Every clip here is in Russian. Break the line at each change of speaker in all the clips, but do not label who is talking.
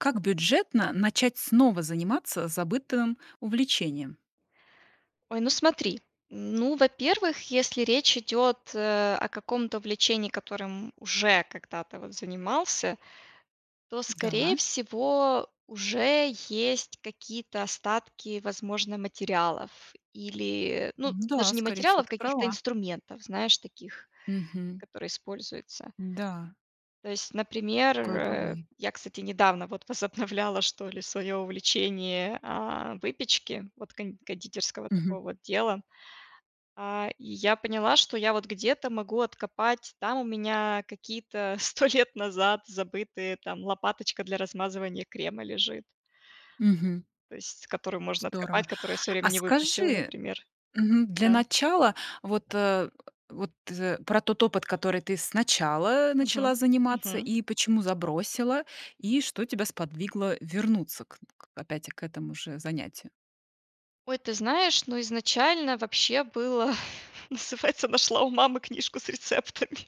Как бюджетно начать снова заниматься забытым увлечением?
Ой, ну смотри, ну, во-первых, если речь идет, э, о каком-то увлечении, которым уже когда-то в занимался, то,
Да.
скорее всего, уже есть какие-то остатки, возможно, материалов, или, ну,
Да,
даже не
скорее всего,
материалов,
ты
каких-то
права.
инструментов, знаешь, таких,
Мгм.
которые используются.
Н-да.
То есть, например,
Такое
э,
бывает.
я, кстати, недавно вот возобновляла что ли своё увлечение, а, выпечки, вот кон кондитерского
Мгм.
такого вот дела, а, и я поняла, что я, вот где-то могу откопать, там у меня какие-то 100 лет назад забытые там, лопаточка для размазывания крема лежит.
Мгм.
То есть которую можно
Здорово!
откопать, которую я в своё
А
время не выбросила,
скажи,
например.
мгм, для
Да.
начала, вот, э вот, э, про тот опыт, который ты сначала
Мгм.
начала заниматься,
Мгм.
и почему забросила, и что тебя сподвигло вернуться к к опять к этому же занятию.
Ой, ты знаешь, ну, изначально вообще было называется нашла у мамы книжку с рецептами.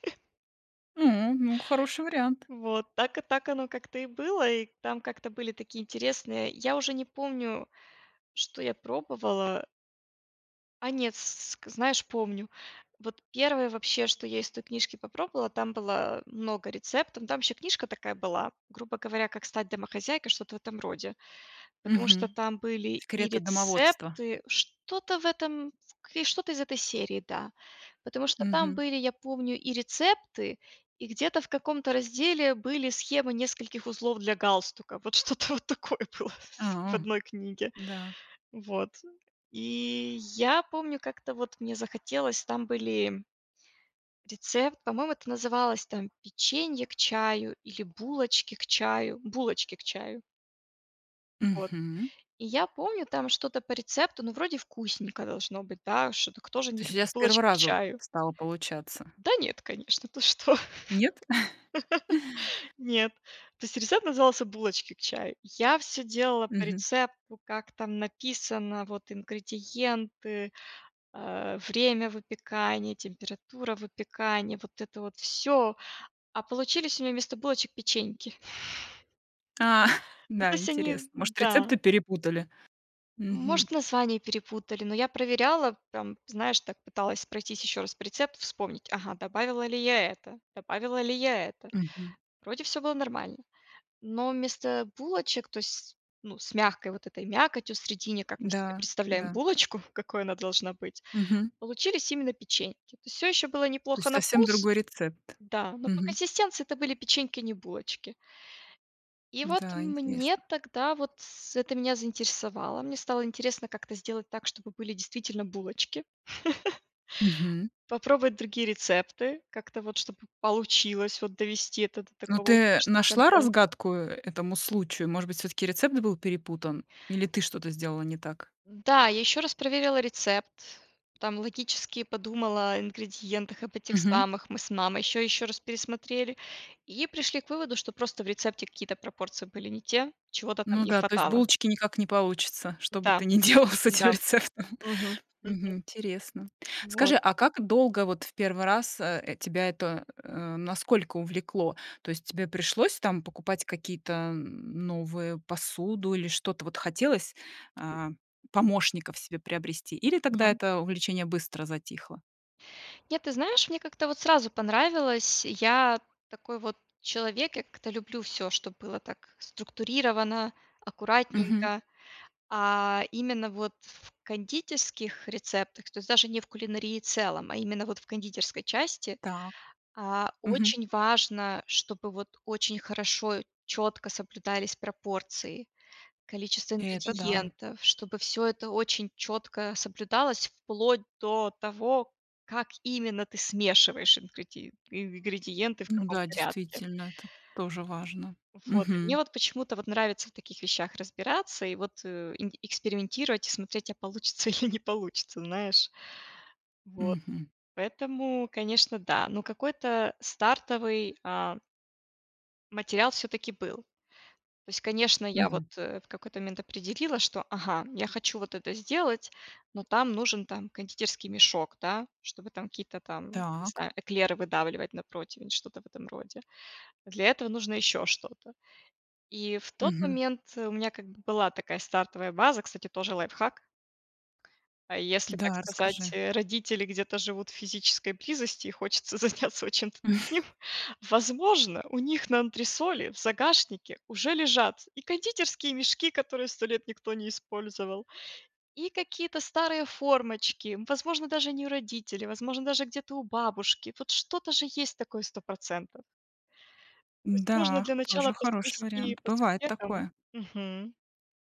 М. Ну, хороший вариант.
Вот. Так и так оно как-то и было, и там как-то были такие интересные я уже не помню, что я пробовала. А нет, с ск знаешь, помню. Вот 1, вообще, что я из той книжки попробовала, там было много рецептов, там еще книжка такая была, грубо говоря, как стать домохозяйкой, что-то в этом роде, потому что
Мгм.
там были и
Секреты домоводства.
рецепты, что-то в этом в к что-то из этой серии, да. Потому что там
Мгм.
были, я помню, и рецепты, и где-то, в каком-то разделе, были схемы нескольких узлов для галстука. Вот что-то вот такое было в
А,
одной книге.
да.
Вот. И я помню как-то вот мне захотелось, там были рецепт, по-моему это называлось, там, печенье к чаю или булочки к чаю? Булочки к чаю. Вот.
Мгм.
И я помню там что-то по рецепту, ну вроде вкусненько должно быть, да, ш кто же
То
не
есть у тебя
любит
с первого
булочки к
раза
чаю?
стало получаться?
Да нет, конечно, ты что?
Нет?
Нет. То есть рецепт назывался "Булочки к чаю". Я всё делала по
Мгм.
рецепту, как там написано, вот, ингредиенты, э, время выпекания, температура выпекания, вот это вот всё. А получились у меня вместо булочек печеньки.
А,
Ну то
да,
есть они
интересно, может
Да.
рецепты перепутали? Мгм.
Может название перепутали, но я проверяла, прям, знаешь так, пыталась пройтись ещё раз по рецепту, вспомнить: ага, добавила ли я это, добавила ли я это?
Мгм.
Вроде всё было нормально. Но вместо булочек, то есть, ну, с мягкой вот этой мякотью в средине, как мы себе
Да,
представляем
да.
булочку, какой она должна быть,
Мгм.
получились именно печеньки. То есть всё ещё было
То
неплохо
есть
на
совсем
вкус
другой рецепт?
Да. Но по
Мгм.
консистенции это были печеньки, а не булочки. И вот
Да,
мне
интересно.
тогда вот с это меня заинтересовало, мне стало интересно как-то сделать так, чтобы были действительно булочки.
Мгм.
Попробовать другие рецепты, как-то вот чтобы получилось вот довести это до
Ну
такого
ты
успешного
нашла
конца.
разгадку, э, этому случаю? Может быть, всё-таки рецепт был перепутан? Или ты что-то сделала не так?
Да, я ещё раз проверила рецепт. Там логически подумала ингредиентах, об этих
Мгм.
самых, мы с мамой ещё-ещё раз пересмотрели и пришли к выводу, что просто в рецепте какие-то пропорции были не те, чего-то там
Ну
не
да, то есть
хватало.
булочки никак не получатся. Что бы
Да.
ты не делала с этим
Да.
рецептом.
Мгм. Мгм.
Мгм, интересно.
Вот.
Скажи, а как долго вот в первый раз, э, тебя это, э насколько увлекло? То есть тебе пришлось, там, покупать какие-то, м, новые посуду или что-то вот хотелось, а, помощников себе приобрести, или тогда
Мгм.
это увлечение быстро затихло?
Нет, ты знаешь, мне, как-то, вот, сразу понравилось, я такой, вот, человек, я как-то люблю всё, чтобы было так структурировано,
Мгм.
аккуратненько, а именно, вот в кондитерских рецептах, то есть, даже не в кулинарии целом, а именно, вот в кондитерской части,
Так.
а,
Мгм.
очень важно, чтобы, вот, очень хорошо, чётко соблюдались пропорции, количество
Это да.
ингредиентов, чтобы всё это очень чётко соблюдалось. Вплоть до того, как именно ты смешиваешь ингреди ингредиенты, в
Ну
каком
да,
порядке.
действительно, это т тоже важно.
Вот. И мне,
Мгм.
вот, почему-то, вот, нравится в таких вещах разбираться, и, вот, э, инг экспериментировать и смотреть, а получится или не получится, знаешь. Вот.
Мгм.
Поэтому, конечно, да. Но какой-то стартовый, а материал, всё-таки был. То есть, конечно, я, вот,
Мгм.
э, в какой-то момент определила, что, ага, я хочу вот это сделать, но там нужен, там, кондитерский мешок, да, чтобы там какие-то, там, не
Так.
знаю, эклеры выдавливать на противень, что-то в этом роде. А для этого нужно ещё что-то. И в тот
Мгм.
момент у меня, как бы, была такая стартовая база, кстати, тоже лайфхак а, если, так
Да,
сказать,
расскажи.
э, родители где-то живут в физической близости и хочется заняться вот чем-то таким, возможно, у них на антресоли в загашнике уже лежат и кондитерские мешки, которые 100 лет никто не использовал, и какие-то старые формочки. Возможно, даже не у родителей, возможно, даже где-то у бабушки. Вот что-то же есть такое процентов. То есть, можно
Да,
для начала
тоже хороший
поскрести
вариант,
по
бывает
сусекам.
такое.
Мгм.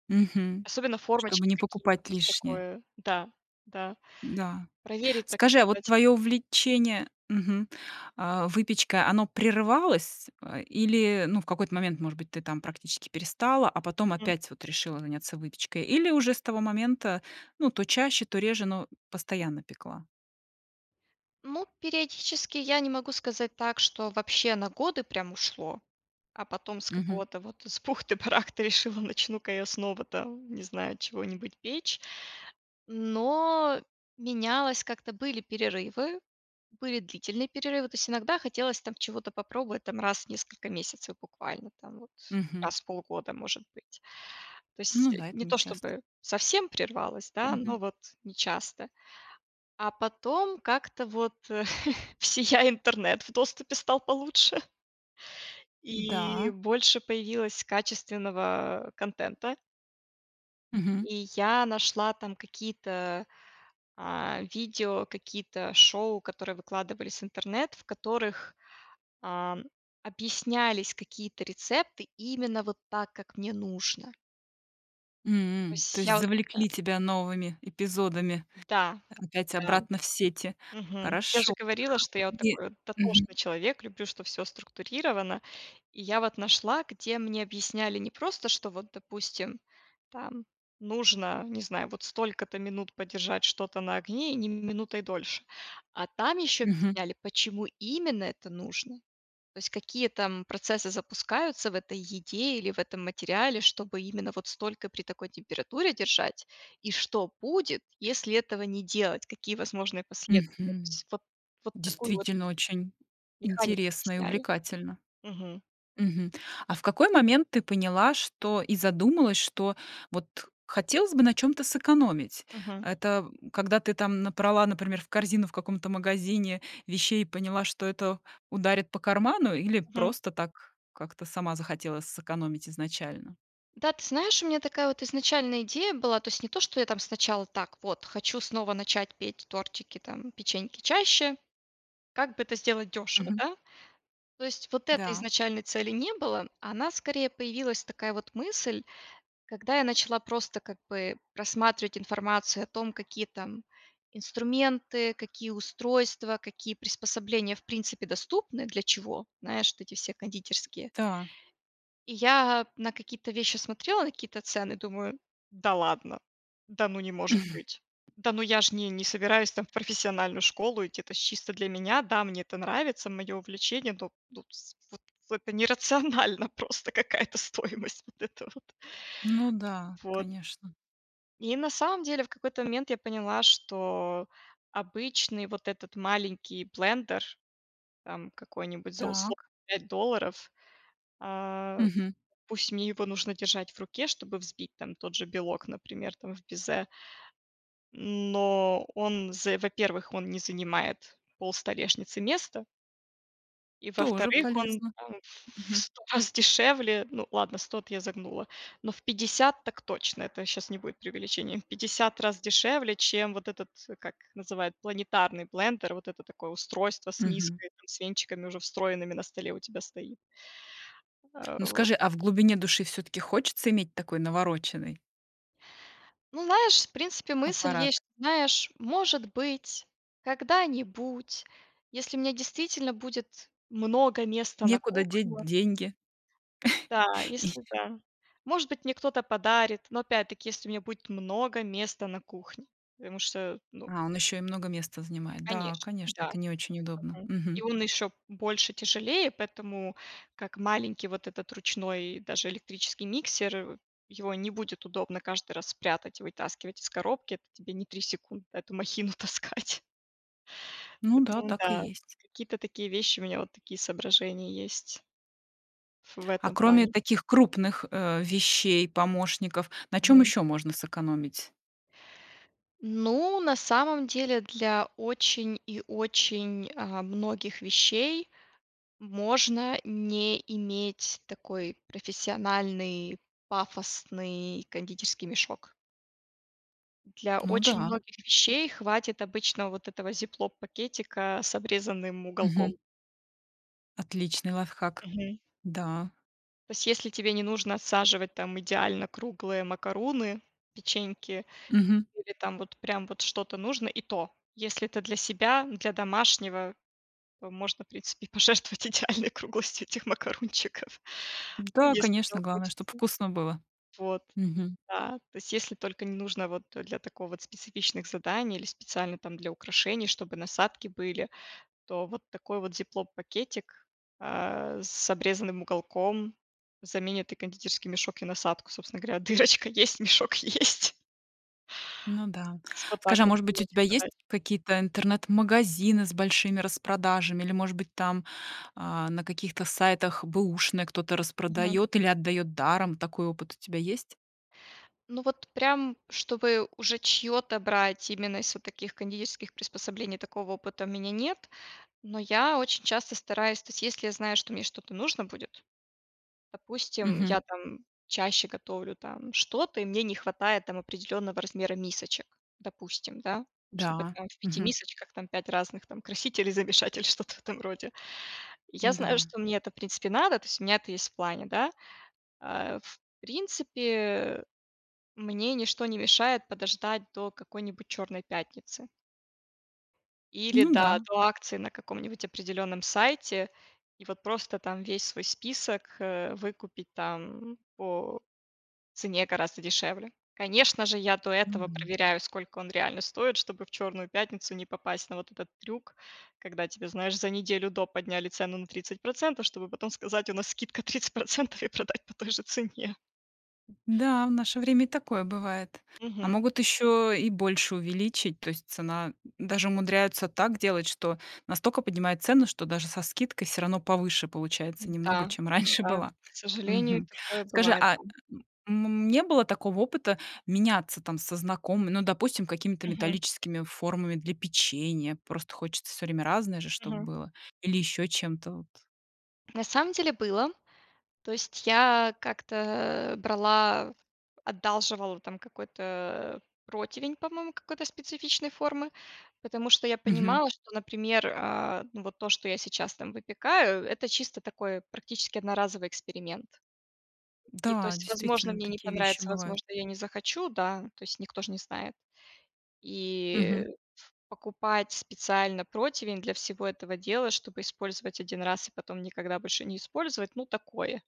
Мгм,
Особенно
чтобы
формочки
не
какие-то.
покупать
То есть,
лишнее.
такое, да. Да.
Да.
Проверить, так
Скажи, а вот
сказать.
твоё увлечение мгм, а, выпечкой оно прерывалось, э, или, ну, в какой-то момент, может быть, ты, там, практически перестала, а потом
М.
опять, вот, решила заняться выпечкой? Или уже с того момента, ну, то чаще, то реже, но постоянно пекла?
Ну, периодически я не могу сказать так, что вообще на годы прям ушло, а потом с
Мгм.
какого-то вот, с бухты-барахты решила: начну-ка я снова, там, не знаю, чего-нибудь печь. Но менялось как-то, были перерывы. Были длительные перерывы. То есть иногда хотелось, там, чего-то попробовать, там, раз в несколько месяцев, буквально, там, вот
Мгм.
раз в полгода, может быть. То
Ну
есть
да, это
не
не
то
часто.
чтобы совсем прервалось, да, но
Мгм.
вот не часто. А потом как-то вот всея интернет в доступе стал получше. И
Да.
больше появилось качественного, а, контента.
Мгм.
И я нашла там какие-то, а, видео, какие-то шоу, которые выкладывались в интернет, в которых, ам, объяснялись какие-то рецепты именно вот так, как мне нужно. То
М. То
есть
есть
я
завлекли тебя новыми эпизодами
Да.
опять
Да.
обратно в сети.
Мгм. Всё же
Хорошо.
говорила, что я вот
И
такой
мгм.
дотошный человек, люблю, чтоб всё структурировано. И я вот нашла, где мне объясняли не просто что, вот, допустим, там нужно, не знаю, вот столько-то минут подержать что-то на огне, и ни минутой дольше. А там еще
Мгм.
объясняли, почему именно это нужно. То есть какие там процессы запускаются в этой еде или в этом материале, чтобы именно вот столько при такой температуре держать, и что будет, если этого не делать, какие возможные последствия. То
Мгм.
есть вот вот такую вот
Действительно, очень
механику
интересно и
объясняли.
увлекательно.
Мгм.
Мгм. А в какой момент ты поняла, что и задумалась, что, вот хотелось бы на чём-то сэкономить?
Мгм.
Это когда ты там набрала, например, в корзину в каком-то магазине вещей и поняла, что это ударит по карману, или
Мгм.
просто так, как-то сама захотела сэкономить изначально?
Да, ты знаешь, у меня такая вот изначально идея была, то есть не то, что я там сначала: так, вот, хочу снова начать петь тортики, там, печеньки чаще, как бы это сделать дёшево,
Мгм.
да? То есть вот этой
Да.
изначальной цели не было, а она, скорее, появилась такая вот мысль, когда я начала просто, как бы, просматривать информацию о том, какие там инструменты, какие устройства, какие приспособления, в принципе, доступны, для чего, знаешь, вот эти все кондитерские.
Та.
И я, а, на какие-то вещи смотрела, на какие-то цены, думаю: да ладно! Да ну, не может быть. Да ну я ж не не собираюсь, там, в профессиональную школу идти, это ж чисто для меня. Да, мне это нравится, мое увлечение, но но с вот в это нерационально просто, какая-то стоимость вот эта вот.
Ну да,
Вот.
конечно.
И на самом деле в какой-то момент я поняла, что обычный вот этот маленький блендер, там, какой-нибудь за условные
Так.
5 долларов, а, ф
Мгм.
пусть мне его нужно держать в руке, чтобы взбить там тот же белок, например, там, в безе. Но он з во-первых, он не занимает пол столешницы места И
Тоже
во-вторых, он,
полезно.
там, ф в
Мгм.
100 раз дешевле, ну ладно, 100 эт я загнула, но в 50 так точно, это щас не будет преувеличением. В 50 раз дешевле, чем вот этот, э, как называют, планетарный блендер, вот это такое устройство с
Мгм.
миской, там, с венчиками, уже встроенными, на столе у тебя стоит. А,
Ну
вот.
скажи, а в глубине души всё-таки хочется иметь такой навороченный
Ну знаешь, в принципе мысль
аппарат?
есть, что, знаешь, может быть, когда-нибудь, если у меня действительно будет много места на
Некуда деть
кухне.
деньги.
Да,
И
если да. Может быть, мне кто-то подарит, но опять-таки, если у меня будет много места на кухне. Потому что, ну
А он ещё и много места занимает. Да,
Конечно.
конечно,
Да.
это не очень удобно,
Мгм. И
мгм.
он ещё больше, тяжелее, поэтому как маленький вот этот ручной, даже электрический миксер, э, его не будет удобно каждый раз прятать и вытаскивать из коробки, это тебе не 3 секунды эту махину таскать.
Ну да,
Поэтому
так и
да.
есть.
Какие-то такие вещи, у меня вот такие соображения есть ф в
А
этом
кроме
плане.
таких крупных, э, вещей-помощников на чём
Мгм.
ещё можно сэкономить?
Ну, на самом деле, для очень и очень, а, многих вещей можно не иметь такой профессиональный пафосный кондитерский мешок. Для
Ну
очень
да.
многих вещей хватит обычного вот этого зиплок-пакетика с обрезанным
Мгм.
уголком.
Отличный лайфхак!
Мгм.
Да.
То есть, если тебе не нужно отсаживать, там, идеально круглые макаруны, печеньки
Мгм.
или там вот, прям, вот что-то нужно, и то, если это для себя, для домашнего, то можно, в принципе, и пожертвовать идеальной круглостью этих макарунчиков,
Да,
если
конечно,
этого
главное,
хочется.
чтоб вкусно было.
Вот.
Мгм.
Да. То есть, если только не нужно вот для такого вот, специфичных заданий или специально, там, для украшений, чтобы насадки были, то вот такой вот зиплоп-пакетик, э, с обрезанным уголком заменит и кондитерский мешок, и насадку. Собственно говоря, дырочка есть, мешок есть.
Ну да.
Типа, так
Скажи, а,
вот
может быть, у
было,
тебя
типа,
есть
дай.
какие-то интернет-магазины с большими распродажами или, может быть, там, а, на каких-то сайтах бэушные кто-то
Мгм.
распродает или отдает даром? Такой опыт у тебя есть?
Ну вот, прям, чтобы уже чьё-то брать, именно из вот таких кондитерских приспособлений, такого опыта у меня нет, но я очень часто стараюсь то есть, если я знаю, что мне что-то нужно будет. Допустим,
Мгм.
я, там, чаще готовлю, там, что-то и мне не хватает, там, определённого размера мисочек, допустим, да, чтобы,
Да.
там, в 5
Мгм.
мисочках, там, 5 разных, там, красителей, замешать или что-то в этом роде. Я знаю,
М-да.
что мне это в принципе надо, то есть у меня это есть в плане, да. Э, в принципе мне ничто не мешает подождать до какой-нибудь чёрной пятницы. Или
Ну
да
да.
до акции на каком-нибудь определённом сайте и, вот, просто, там, весь свой список, э, выкупить, там, по цене гораздо дешевле. Конечно же, я до этого
Мгм.
проверяю, сколько он реально стоит, чтобы в чёрную пятницу не попасть на вот этот трюк, когда тебе, знаешь, за неделю до подняли цену на 30%, чтобы потом сказать: "У нас скидка 30%" и продать по той же цене.
М-да, в наше время и такое бывает. А
Мгм,
могут
м.
ещё и больше увеличить, то есть цена даже умудряются так делать, что настолько поднимают цену, что даже со скидкой всё равно повыше получается немного,
Да,
чем раньше
да,
была.
к сожалению,
Мгм.
такое
Скажи,
бывает,
а,
да.
м м, не было такого опыта меняться, там, со знакомыми, ну, допустим, какими-то
Мгм.
металлическими формами для печенья? Просто хочется всё время разное же чтоб
Мгм.
было, или ещё чем-то вот.
На самом деле, было, то есть, я как-то, э, брала, одалживала, там, какой-то противень, по-моему, какой-то специфичной формы, потому что я
Мгм.
понимала, что, например, а, ну, вот то, что я сейчас, там, выпекаю, это чисто такой, практически одноразовый эксперимент. И, то
Да,
есть, возможно,
действительно,
мне не
такие вещи
понравится,
бывают.
возможно, я не захочу, да, то есть, никто ж не знает. И
Мгм.
покупать специально противень для всего этого дела, чтобы использовать 1 раз и потом никогда больше не использовать, ну такое.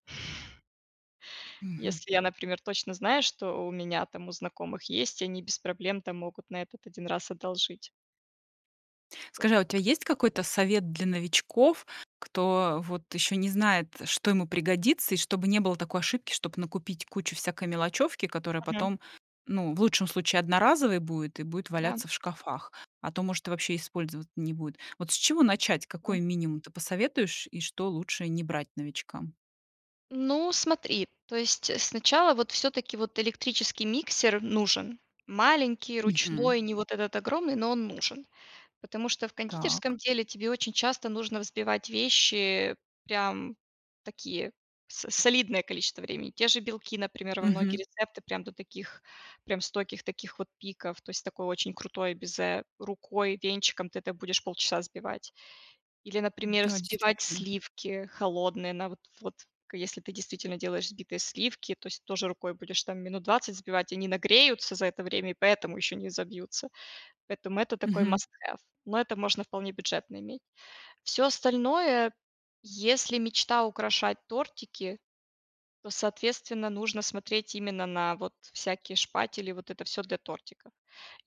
Мгм.
Если я, например, точно знаю, что у меня, там, у знакомых есть, они без проблем, там, могут на этот 1 раз одолжить. Да.
Скажи, а у тебя есть какой-то совет для новичков, кто вот ещё не знает, что ему пригодится, и чтобы не было такой ошибки, чтобы накупить кучу всякой мелочёвки, которая
Мгм.
потом, ну в лучшем случае одноразовой будет и будет
Да.
валяться в шкафах, а то, может, и вообще использовать не будет. Вот с чего начать,
М.
какой минимум ты посоветуешь? И что лучше не брать новичкам?
Ну, смотри. То есть сначала вот всё-таки вот электрический миксер нужен: маленький,
Мгм.
ручной, не вот этот огромный, но он нужен. Потому что в
Так.
кондитерском деле тебе очень часто нужно взбивать вещи, прям такие, с солидное количество времени. Те же белки, например, во многие
Мгм.
рецепты, прям до таких, прям стойких таких вот пиков, то есть такое очень крутое безе, рукой, венчиком ты это будешь полчаса взбивать. Или, например,
Да,
взбивать
действительно.
сливки холодные на вот вот к если ты действительно делаешь взбитые сливки, то есть тоже рукой будешь там минут 20 сбивать, они нагреются за это время и поэтому ещё не собьются. Поэтому это такой
Мгм.
маст хэв. Но это можно вполне бюджетно иметь. Всё остальное, если мечта украшать тортики, то соответственно нужно смотреть именно на вот всякие шпатели, вот это всё для тортиков.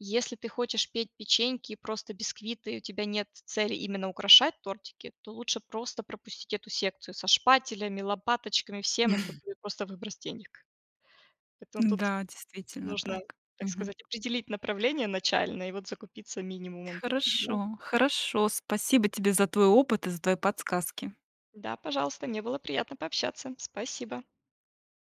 Если ты хочешь петь печеньки, просто бисквиты и у тебя нет цели именно украшать тортики, то лучше просто пропустить эту секцию со шпателями, лопаточками, всем, это будет просто выброс денег. Поэтому тут
Н-да, действительно
нужно,
так.
так
Мгм.
сказать, определить направление начальное и вот закупиться минимумом таким, да.
Хорошо, хорошо! Спасибо тебе за твой опыт и за твои подсказки!
Да, пожалуйста, мне было приятно пообщаться. Спасибо.